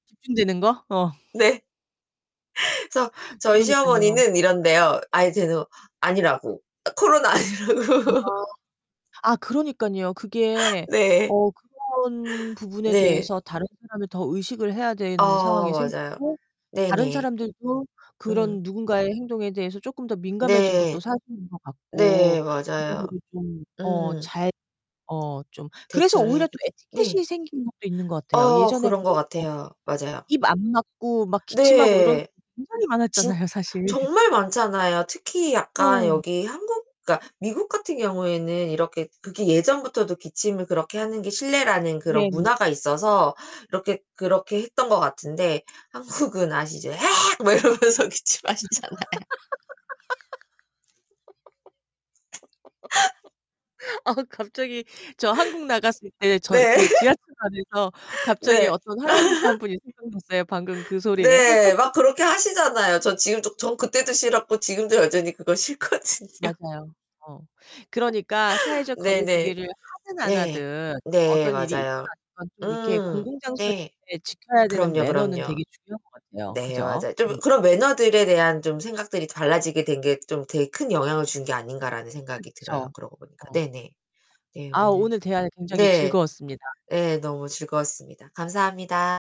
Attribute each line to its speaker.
Speaker 1: 집중되는 거? 어.
Speaker 2: 네. 그래서 저희
Speaker 1: 그러니깐요.
Speaker 2: 시어머니는 이런대요. 아니, 쟤는 아니라고. 코로나
Speaker 1: 아.
Speaker 2: 아니라고.
Speaker 1: 아, 그러니깐요. 그게
Speaker 2: 네.
Speaker 1: 어 그런 부분에
Speaker 2: 네.
Speaker 1: 대해서 다른 사람을 더 의식을 해야 되는
Speaker 2: 아,
Speaker 1: 상황이
Speaker 2: 맞아요.
Speaker 1: 생겼고 다른
Speaker 2: 네네.
Speaker 1: 사람들도
Speaker 2: 음.
Speaker 1: 그런 누군가의 행동에 대해서 쪼끔 더 민감해진 것도
Speaker 2: 네.
Speaker 1: 사실인 것 같고
Speaker 2: 네, 맞아요.
Speaker 1: 여러모로 좀 어
Speaker 2: 음.
Speaker 1: 잘 어 좀 그래서
Speaker 2: 대처를
Speaker 1: 오히려 또
Speaker 2: 해야겠죠. 네.
Speaker 1: 에티켓이 생긴 것도 있는 것 같아요.
Speaker 2: 어
Speaker 1: 예전에
Speaker 2: 그런 것
Speaker 1: 보면 뭐
Speaker 2: 같아요. 맞아요.
Speaker 1: 입 안 막고 막 기침하고 이런
Speaker 2: 네.
Speaker 1: [unintelligible] 굉장히
Speaker 2: 진
Speaker 1: 많았잖아요, 사실.
Speaker 2: 정말 많잖아요. 특히 약간
Speaker 1: 어.
Speaker 2: 여기 한국 그러니까 미국 같은 경우에는 이렇게 그게 예전부터도 기침을 그렇게 하는 게 실례라는 그런
Speaker 1: 네네.
Speaker 2: 문화가 있어서 이렇게 그렇게 했던 것 같은데 한국은 아시죠? 헤엑 막 이러면서 기침하시잖아요.
Speaker 1: 아, 갑자기 저 한국 나갔을 때 저
Speaker 2: 네.
Speaker 1: 그 지하철 안에서 갑자기
Speaker 2: 네.
Speaker 1: 어떤 할아버지 1 분이 생각났어요, 방금 그 소리에.
Speaker 2: 네, 막 그렇게 하시잖아요. 저 지금도 전 그때도 싫었고 지금도 여전히 그거 싫거든요.
Speaker 1: 맞아요. 어. 그러니까 사회적 거리
Speaker 2: 네네.
Speaker 1: 두기를 하든 안
Speaker 2: 네.
Speaker 1: 하든
Speaker 2: 네,
Speaker 1: 어떤 일이 있거나
Speaker 2: 맞아요.
Speaker 1: 어떤 좀 이렇게
Speaker 2: 음.
Speaker 1: 공공장소에
Speaker 2: 네.
Speaker 1: [unintelligible] 지켜야 되는
Speaker 2: 그럼요,
Speaker 1: 매너는
Speaker 2: 그럼요.
Speaker 1: 되게 중요한 것 같아요.
Speaker 2: 네,
Speaker 1: 그죠?
Speaker 2: 맞아요. '좀
Speaker 1: 음.
Speaker 2: 그런 매너들에 대한 좀 생각들이 달라지게 된 게 좀 되게 큰 영향을 준 게 아닌가.'라는 생각이 들어요,
Speaker 1: 그쵸.
Speaker 2: 그러고 보니까.
Speaker 1: 어.
Speaker 2: 네네. 네,
Speaker 1: 아,
Speaker 2: 오늘
Speaker 1: 오늘 대화가 굉장히
Speaker 2: 네.
Speaker 1: 즐거웠습니다.
Speaker 2: 네 너무 즐거웠습니다. 감사합니다.